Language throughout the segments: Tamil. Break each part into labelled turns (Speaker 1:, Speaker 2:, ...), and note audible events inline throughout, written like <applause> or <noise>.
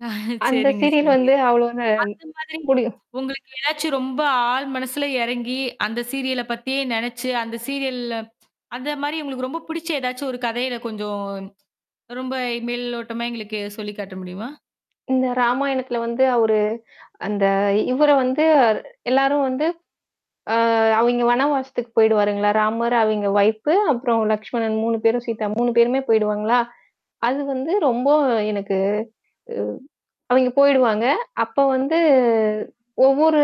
Speaker 1: <chuckles>
Speaker 2: அந்த
Speaker 1: சரிங்க,
Speaker 2: சீரியல்
Speaker 1: சரிங்க.
Speaker 2: வந்து அவ்ளோங்க
Speaker 1: அந்த மாதிரி
Speaker 2: முடியும்.
Speaker 1: உங்களுக்கு ஏதாச்சும் ரொம்ப ஆழ் மனசுல இறங்கி அந்த சீரியல பத்தியே நெனச்சு அந்த சீரியல்ல அந்தமாரி உங்களுக்கு ரொம்ப பிடிச்ச ஏதாச்சும் ஒரு கதையில கொஞ்சம் ரொம்ப மேல் ஓட்டமா எங்களுக்கு சொல்லி காட்ட முடியுமா?
Speaker 2: இந்த ராமாயணத்தில வந்து அவரு, அந்த இவர வந்து எல்லாரும் வந்து ஆ அவெங்க வனவாசத்துக்கு போயிடுவாருங்களா! ராமர் அவெங்க ஒயிப் அப்புறம் லஷ்மணன் 3 பேரும் சீதா 3 பேருமே போயிடுவாங்களா! அது வந்து ரொம்ப எனக்கு ஆ. அங்க போயிடுவாங்க. அப்ப வந்து, ஒவ்வொரு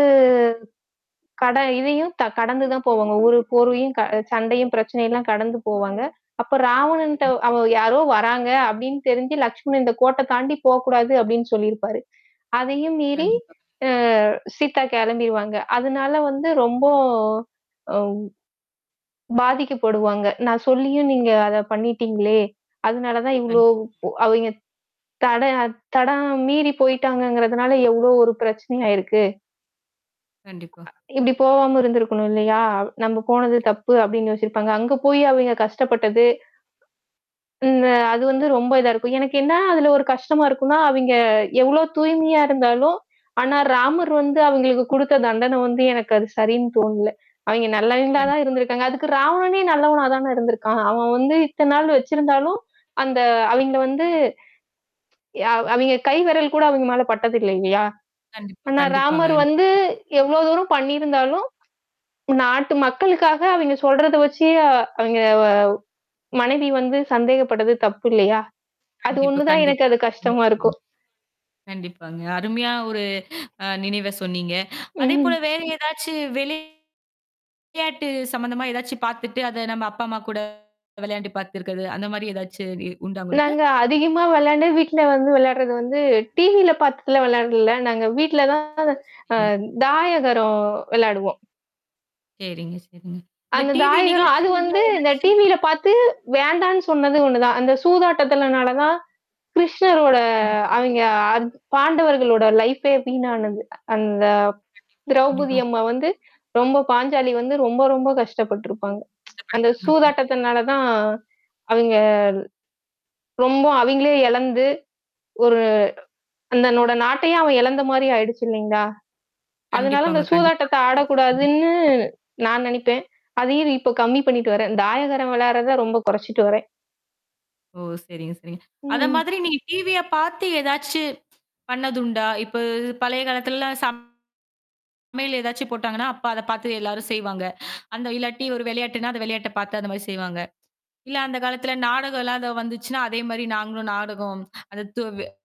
Speaker 2: கட இதையும் த கடந்து தான் போவாங்க. ஒரு, ஒரு போரையும் க சண்டையும் பிரச்சனைல்லாம் கடந்து போவாங்க. அப்ப ராவணன்ட்ட
Speaker 1: <unintelligible>
Speaker 2: அவ யாரோ வராங்க அப்பிடின்னு தெரிஞ்சு லட்சுமணன், இந்த கோட்ட தாண்டி போ கூடாது அப்பிடின்னு சொல்லியிருப்பாரு. அதையும் மீறி,
Speaker 1: கண்டிப்பா.
Speaker 2: அ சீதா கிளம்பிருவாங்க. அதனால வந்து ரொம்ப. ஒவ் பாதிக்கப்படுவாங்க. நான் சொல்லியும் நீங்க அத பண்ணிட்டீங்களே! அதனால தான் இவ்ளோ
Speaker 1: கண்ட்
Speaker 2: அவெங்க, தட தடம் மீறி போயி்டாங்கங்கிறதுனால எவ்ளோ ஒரு பிரச்சனையாயிருக்கு!
Speaker 1: கண்டிப்பா.
Speaker 2: இப்டி போவாம இருந்திருக்கணும் இல்லயா! அவ் நம்ம போனது தப்பு அப்பிடின்னு யோசிருப்பாங்க. அங்க போய் அவெங்க கஷ்டப்பட்டது. இந்த அது வந்து ரொம்ப இதா இருக்கும். எனக்கு என்ன அதுல ஒரு கஷ்டமாருக்குன்னா, அவெங்க எவ்ளோ தூய்மையா இருந்தாலும். ஆனா ராமர் வந்து அவுங்களுக்கு குடுத்த தண்டன வந்து எனக்கு அது சரின்னு தோணல. அவெங்க நல்லவங்களா தான்
Speaker 1: கண்டிப்பாங்க.
Speaker 2: இருந்திருக்காங்க. அதுக்கு ராவணனே நல்லவனா தானே இருந்திருக்கான். அவன் வந்து இத்த நாள் வச்சிருந்தாலும், அந்த அவெங்கள வந்து அ அவெங்க கை விரல் கூட அங்க மேலபட்டதில்ல இல்லயா!
Speaker 1: கண்டிப்பா,
Speaker 2: ஆனா
Speaker 1: கண்டிப்பாங்க.
Speaker 2: ராமர் வந்து
Speaker 1: <unintelligible>
Speaker 2: எவ்ளோ தூரம் பண்ணியிருந்தாலும், நாட்டு மக்களுக்காக அவெங்க சொல்றத வச்சி அவெங்க வ மனைவி வந்து சந்தேகப்பட்டது தப்பு இல்லயா! அது
Speaker 1: கண்டிப்பா,
Speaker 2: ஒன்னுதான் எனக்கு
Speaker 1: கண்டிப்பா.
Speaker 2: அது
Speaker 1: அருமையா சொன்னீங்க.
Speaker 2: கஷ்டமாருக்கும்.
Speaker 1: கண்டிப்பாங்க. அருமையான ஒரு அ நினைவ சொன்னீங்க.
Speaker 2: ம்,
Speaker 1: அதேபோல
Speaker 2: ம்.
Speaker 1: வேற ஏதாச்சு வெளி விளையாட்டு சம்மந்தமா ஏதாச்சும் பாத்துட்டு அத நம்ம அப்பா, அம்மா கூட விளையாண்டு பாத்துருக்கது அந்தமாரி ஏதாச்சு இ உண்டா உங்களுக்கு?
Speaker 2: நாங்க அதிகமா விளையாண்டு, வீட்ல வந்து விளையாடுறது வந்து டிவில பாத்ததுல விளயாடல. நாங்க வீட்ல தான்
Speaker 1: ஒ!
Speaker 2: அ
Speaker 1: சரிங்க.
Speaker 2: தாயகரம் வெளையாடுவோம்.
Speaker 1: சரிங்க, சரிங்க. இந்த
Speaker 2: அந்த
Speaker 1: டிவி
Speaker 2: தாயகரம். அது
Speaker 1: நிகழ்ச்சில
Speaker 2: வந்து இந்த
Speaker 1: ஏதாச்சு?
Speaker 2: டிவில பாத்து வேண்டான்னு சொன்னது ஒன்னு தான். அந்த சூதாட்டத்தலனால தான் கிருஷ்ணரோட
Speaker 1: கண்டிப்பா.
Speaker 2: அவெங்க அந் பாண்டவர்களோட லைஃப்பே வீணானது. அந்த
Speaker 1: கண்டிப்பா,
Speaker 2: திரௌபதி
Speaker 1: கண்டிப்பா.
Speaker 2: அம்மா வந்து ரொம்ப பாஞ்சாலி வந்து ரொம்ப, ரொம்ப கஷ்டப்பட்டுருப்பாங்க. <tsk> அந்த
Speaker 1: <unintelligible>
Speaker 2: சூதாட்டத்துனால தான். அதுங்க ரொம்ப அவெங்களே இழந்து ஒரு. அந்தனோட நாட்டையே அவன் இழந்தமாரி ஆயிடுச்சு இல்லேங்களா! அதனால
Speaker 1: கண்டிப்பாங்க,
Speaker 2: அந்த
Speaker 1: கண்டிப்பாங்க.
Speaker 2: சூதாட்டத்த
Speaker 1: <unintelligible>
Speaker 2: ஆடக்கூடாதுன்னு நான் நினைப்பேன். அதே இப்போ கம்மி பண்ணிட்டு வரேன். தாயகரம் விளையாடுறத ரொம்ப குறைச்சுட்டு வரேன்.
Speaker 1: ஓ! சரிங்க, சரிங்க. அத
Speaker 2: ம்.
Speaker 1: மாதிரி நீங்க டிவிய பாத்து ஏதாச்சு பண்ணதுண்டா இப்ப பழைய காலத்துலலாம் சப் சமையல் ஏதாச்சும் போட்டாங்கன்னா, அப்ப அத பார்த்து எல்லாரும் செய்வாங்க. அந்த இல்லாட்டி ஒரு விளையாட்டுன்னா, அந்த விளையாட்ட பாத்து அந்த மாரி செய்வாங்க. இல்ல அந்த காலத்துல நாடகம்லாம் அத வந்துச்சுன்னா அதேமாரி நாங்களும் நாடகம் <unintelligible>